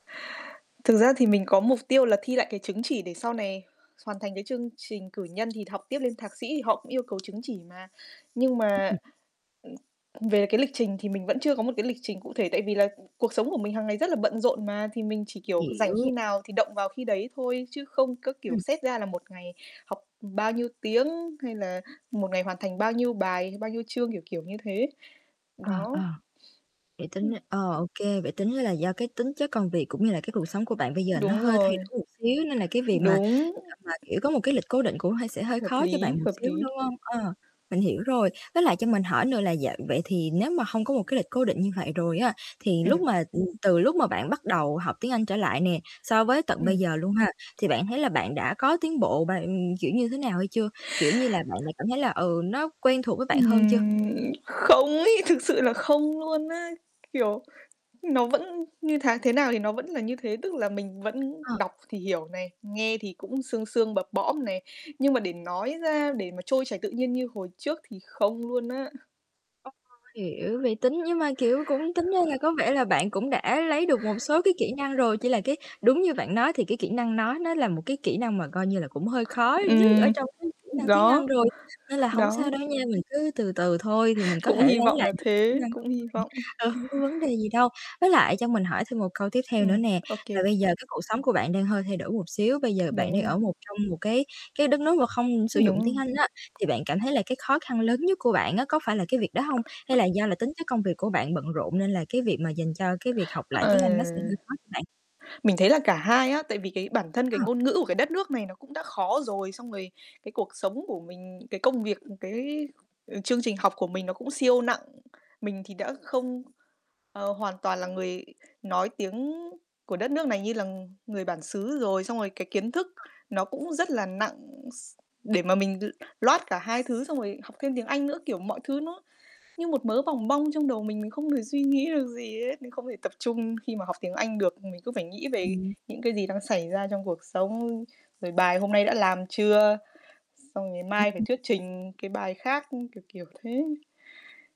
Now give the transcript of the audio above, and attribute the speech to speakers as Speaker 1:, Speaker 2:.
Speaker 1: Thực ra thì mình có mục tiêu là thi lại cái chứng chỉ để sau này hoàn thành cái chương trình cử nhân, thì học tiếp lên thạc sĩ thì họ cũng yêu cầu chứng chỉ mà. Nhưng mà về cái lịch trình thì mình vẫn chưa có một cái lịch trình cụ thể tại vì là cuộc sống của mình hàng ngày rất là bận rộn mà, thì mình chỉ, kiểu, rảnh khi
Speaker 2: Hiểu.
Speaker 1: nào thì động vào khi đấy thôi chứ không có, kiểu,
Speaker 2: Ừm.
Speaker 1: xét ra là 1 ngày học bao nhiêu tiếng hay là 1 ngày hoàn thành bao nhiêu bài, bao nhiêu chương, kiểu, kiểu như thế.
Speaker 2: Ờ,
Speaker 1: Đó.
Speaker 2: ờ. Vậy tính r
Speaker 1: Ừm.
Speaker 2: ờ, ô kê, vậy tính ra là do cái tính chất công việc cũng như là cái cuộc sống của bạn bây giờ nó
Speaker 1: Đúng
Speaker 2: hơi thay
Speaker 1: rồi.
Speaker 2: đổi một xíu nên là cái việc mà,
Speaker 1: Đúng.
Speaker 2: à, mà, kiểu, có một cái lịch cố định cũng hơi sẽ hơi
Speaker 1: Hợp
Speaker 2: khó cho
Speaker 1: lý,
Speaker 2: bạn một
Speaker 1: hợp
Speaker 2: xíu,
Speaker 1: lý.
Speaker 2: đúng hông? Ờ, mình hiểu rồi. Với lại cho mình hỏi nữa là dạ vậy thì nếu mà hông có một cái lịch cố định như vậy rồi á thì lúc
Speaker 1: Ừm.
Speaker 2: mà, ừ, từ lúc mà bạn bắt đầu học tiếng Anh trở lại nè, so với tận bây
Speaker 1: Ừm.
Speaker 2: giờ luôn ha, thì bạn thấy là bạn đã có tiến bộ bạn, kiểu, như thế nào hay chưa? Kiểu như là, bạn đã cảm thấy là, ừ, nó quen thuộc với bạn hơn chưa?
Speaker 1: Ừm, không ấy, thực sự là không luôn á, kiểu, nó vẫn như tháng thế nào thì nó vẫn là như thế, tức là mình vẫn
Speaker 2: Ờ.
Speaker 1: đọc thì hiểu này, nghe thì cũng sương sương, bập bõm này, nhưng mà để nói ra để mà trôi chảy tự nhiên như hồi trước thì không luôn á.
Speaker 2: Ô, hiểu, vậy tính nhưng mà, kiểu, cũng tính ra là có vẻ là bạn cũng đã lấy được một số cái kỹ năng rồi, chỉ là cái đúng như bạn nói thì cái kỹ năng nói nó là một cái kỹ năng mà coi như là cũng hơi khó nhất ở
Speaker 1: Ừm,
Speaker 2: trong cái kỹ năng tiếng Anh
Speaker 1: đó,
Speaker 2: rồi, nên là hổng
Speaker 1: đó.
Speaker 2: sao đâu nha, mình cứ từ từ thôi thì mình có
Speaker 1: Cũng
Speaker 2: thể
Speaker 1: hy
Speaker 2: lấy
Speaker 1: vọng
Speaker 2: lại
Speaker 1: là
Speaker 2: được cái kỹ
Speaker 1: thế,
Speaker 2: năng của
Speaker 1: cũng hy
Speaker 2: mình.
Speaker 1: vọng.
Speaker 2: Ờ, hông có vấn đề gì đâu. Với lại cho mình hỏi thêm một câu tiếp theo nữa
Speaker 1: Ừm,
Speaker 2: nè,
Speaker 1: ô kê, ô
Speaker 2: là bây
Speaker 1: kê.
Speaker 2: giờ cái cuộc sống của bạn đang hơi thay đổi một xíu, bây giờ bạn
Speaker 1: Đúng
Speaker 2: đang
Speaker 1: rồi.
Speaker 2: ở một trong một cái cái đất nước mà không sử dụng
Speaker 1: Đúng rồi.
Speaker 2: tiếng Anh á thì bạn cảm thấy là cái khó khăn lớn nhất của bạn á có phải là cái việc đó hông? Hay là do là tính chất công việc của bạn bận rộn nên là cái việc mà dành cho cái việc học lại
Speaker 1: Ờ.
Speaker 2: tiếng Anh nó sẽ hơi khó cho bạn?
Speaker 1: Mình thấy là cả hai á, tại vì cái bản thân cái
Speaker 2: Ờ.
Speaker 1: ngôn ngữ của cái đất nước này nó cũng đã khó rồi, xong rồi cái cuộc sống của mình, cái công việc, cái, ờ, chương trình học của mình nó cũng siêu nặng. Mình thì đã
Speaker 2: [unintelligible]
Speaker 1: không, ờ, hoàn toàn là người nói tiếng của đất nước này như là người bản xứ rồi, xong rồi cái kiến thức
Speaker 2: Ờ.
Speaker 1: nó cũng rất là nặng s để mà mình l load cả hai thứ xong rồi học thêm tiếng Anh nữa. Kiểu, mọi thứ nó như một mớ bòng bong trong đầu mình, không thể suy nghĩ được gì hết, mình không thể tập trung khi mà học tiếng Anh được, mình cứ phải nghĩ về
Speaker 2: Ừm.
Speaker 1: những cái gì đang xảy ra trong cuộc sống. Rồi bài hôm nay đã làm chưa, xong rồi
Speaker 2: Ừ,
Speaker 1: mai phải
Speaker 2: ừ.
Speaker 1: thuyết trình cái bài khác, kiểu, kiểu thế.